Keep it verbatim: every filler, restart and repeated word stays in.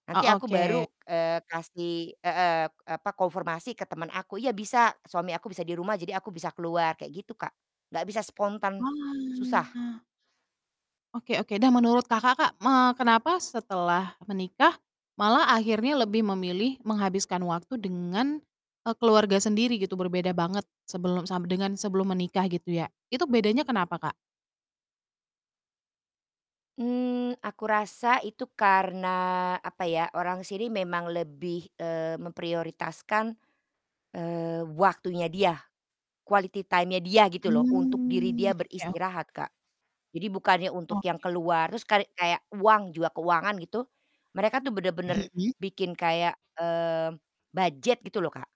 Nanti Oh, aku oke. baru, eee, kasih heeh, e apa, konformasi ke temen aku, "Iya bisa, suami aku bisa di rumah jadi aku bisa keluar," kayak gitu, Kak. Gak bisa spontan, susah. Wah. Oke oke, dah menurut Kakak, Kak, me kenapa setelah menikah malah akhirnya lebih memilih menghabiskan waktu dengan, eee, keluarga sendiri gitu berbeda banget sebelum sam dengan sebelum menikah gitu ya, itu bedanya kenapa, Kak? Mmm, aku rasa itu karena, apa ya, orang sini memang lebih, eee, memprioritaskan, eee, waktunya dia, quality time-nya dia gitu loh, untuk diri Mmm, dia oke oke. beristirahat, Kak. Jadi bukannya untuk yang Oke. keluar, terus karek kayak uang, juga keuangan gitu, mereka tuh bener-bener Mhm. bikin kayak, mmm, budget gitu loh, Kak.